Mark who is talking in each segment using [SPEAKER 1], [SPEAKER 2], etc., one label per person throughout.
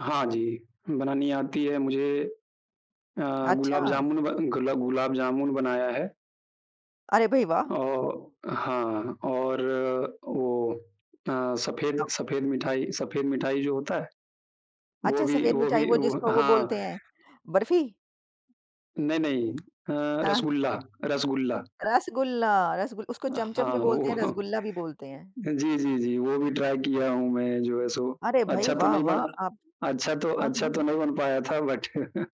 [SPEAKER 1] हाँ जी, बनानी आती है मुझे अ, गुलाब
[SPEAKER 2] अच्छा!
[SPEAKER 1] जामुन बन गुला गुलाब जामुन बनाया है।
[SPEAKER 2] अरे भई, वाह!
[SPEAKER 1] औ हाँ और वो अ, सफेद
[SPEAKER 2] अ
[SPEAKER 1] सफेद मिठाई सफेद मिठाई जो होता है, वो
[SPEAKER 2] अच्छा,
[SPEAKER 1] भी
[SPEAKER 2] सफेद
[SPEAKER 1] वो
[SPEAKER 2] मिठाई
[SPEAKER 1] भी
[SPEAKER 2] वो
[SPEAKER 1] वो
[SPEAKER 2] जिसको वो
[SPEAKER 1] हाँ।
[SPEAKER 2] बोलते हैं। बर्फी?
[SPEAKER 1] नहीं, नहीं अ,
[SPEAKER 2] हाँ।
[SPEAKER 1] रसगुल्ला, रसगुल्ला।
[SPEAKER 2] रसगुल्ला। रसगुल उसको चमचम
[SPEAKER 1] हाँ,
[SPEAKER 2] भी बोलते हैं,
[SPEAKER 1] वो
[SPEAKER 2] रसगुल्ला भी बोलते हैं।
[SPEAKER 1] जी, जी, जी, वो भी ट्राई किया हूँ मैं जो है सो,
[SPEAKER 2] अरे, भई
[SPEAKER 1] अच्छा तो
[SPEAKER 2] वाह,
[SPEAKER 1] नहीं
[SPEAKER 2] वाह!
[SPEAKER 1] बना
[SPEAKER 2] आप
[SPEAKER 1] अच्छा तो
[SPEAKER 2] हाँ,
[SPEAKER 1] अच्छा तो
[SPEAKER 2] हाँ।
[SPEAKER 1] नहीं बन पाया था बट अ,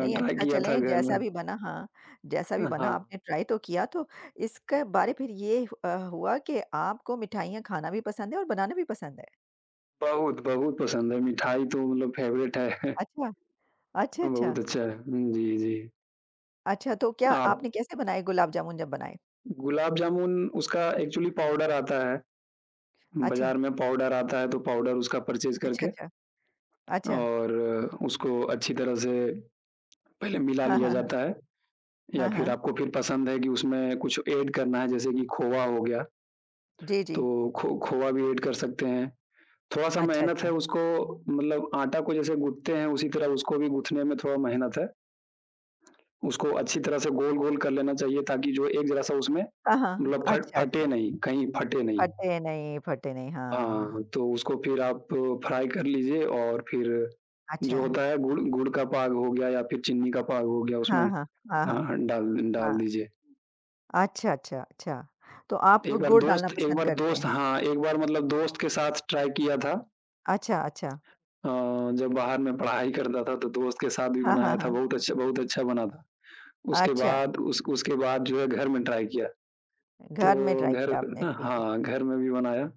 [SPEAKER 2] नहीं, अच्छा
[SPEAKER 1] किया था
[SPEAKER 2] चलें
[SPEAKER 1] घर में।
[SPEAKER 2] जैसा भी बना हाँ, जैसा भी
[SPEAKER 1] अ,
[SPEAKER 2] बना
[SPEAKER 1] हाँ।
[SPEAKER 2] आपने ट्राई तो किया, तो इसके बारे फिर ये ह अ, हुआ कि आपको मिठाइयाँ खाना भी पसंद है और बनाना भी पसंद है।
[SPEAKER 1] बहुत, बहुत पसंद है, मिठाई तो मतलब फेवरेट है।
[SPEAKER 2] अच्छा। अच्छा, अच्छा।
[SPEAKER 1] बहुत अच्छा। जी, जी।
[SPEAKER 2] अच्छा, तो क्या
[SPEAKER 1] आप
[SPEAKER 2] आपने कैसे बनाए गुलाब जामुन, जब बनाए?
[SPEAKER 1] गुलाब जामुन उसका एक्चुअली पाउडर आता है,
[SPEAKER 2] अच्छा।
[SPEAKER 1] बाजार में पाउडर आता है तो पाउडर उसका परचेज़
[SPEAKER 2] अच्छा,
[SPEAKER 1] करके
[SPEAKER 2] अच्छा। अच्छा।
[SPEAKER 1] और उसको अच्छी तरह से पहले मिला
[SPEAKER 2] हाँ,
[SPEAKER 1] लिया
[SPEAKER 2] हाँ, हाँ।
[SPEAKER 1] जाता है या
[SPEAKER 2] हाँ,
[SPEAKER 1] फिर
[SPEAKER 2] हाँ।
[SPEAKER 1] आपको फिर पसंद है, कि उसमें कुछ एड करना है जैसे कि खोवा हो गया,
[SPEAKER 2] जी, जी।
[SPEAKER 1] तो खो खोवा भी एड कर सकते हैं। थोड़ा सा
[SPEAKER 2] अच्छा,
[SPEAKER 1] मेहनत है
[SPEAKER 2] अच्छा।
[SPEAKER 1] उसको मतलब आटा को जैसे गूँथते हैं, उसी तरह उसको भी गूँथने में थोड़ा मेहनत है, उसको अच्छी तरह से गोल-गोल कर लेना चाहिए ताकि जो एक ज़रा-सा उसमें
[SPEAKER 2] हाँ, हाँ।
[SPEAKER 1] मतलब फट
[SPEAKER 2] अच्छा,
[SPEAKER 1] फटे
[SPEAKER 2] अच्छा।
[SPEAKER 1] नहीं, कहीं फटे नहीं।
[SPEAKER 2] फटे नहीं फटे नहीं।
[SPEAKER 1] हाँ,
[SPEAKER 2] हाँ।
[SPEAKER 1] हाँ तो उसको फिर आप फ्राई कर लीजिए और फिर जो
[SPEAKER 2] अच्छा।
[SPEAKER 1] होता है गुड़ गुड़ का पाग हो गया या फिर चीनी का पाग हो गया
[SPEAKER 2] हाँ,
[SPEAKER 1] उसमें
[SPEAKER 2] हाँ। हाँ,
[SPEAKER 1] हाँ,
[SPEAKER 2] हाँ।
[SPEAKER 1] हाँ, डाल डाल
[SPEAKER 2] हाँ।
[SPEAKER 1] दीजिए।
[SPEAKER 2] अच्छा, अच्छा, अच्छा। तो आप
[SPEAKER 1] एक बार
[SPEAKER 2] गुड़ डालना
[SPEAKER 1] दोस्त एक
[SPEAKER 2] पसंद
[SPEAKER 1] बार
[SPEAKER 2] करते
[SPEAKER 1] दोस्त
[SPEAKER 2] हैं?
[SPEAKER 1] हाँ, एक बार मतलब दोस्त के साथ ट्राई किया था।
[SPEAKER 2] अच्छा, अच्छा।
[SPEAKER 1] अ, जब बाहर मैं पढ़ाई करता था तो दोस्त के साथ भी
[SPEAKER 2] हाँ, हाँ,
[SPEAKER 1] बनाया था,
[SPEAKER 2] हाँ।
[SPEAKER 1] बहुत अच्छा बहुत अच्छा बना था। उसके
[SPEAKER 2] अच्छा।
[SPEAKER 1] बाद, उस उसके बाद जो है घर में ट्राई किया,
[SPEAKER 2] घर में
[SPEAKER 1] तो
[SPEAKER 2] ट्राई
[SPEAKER 1] घर
[SPEAKER 2] किया आपने, ठीक है।
[SPEAKER 1] हाँ, घर में भी बनाया।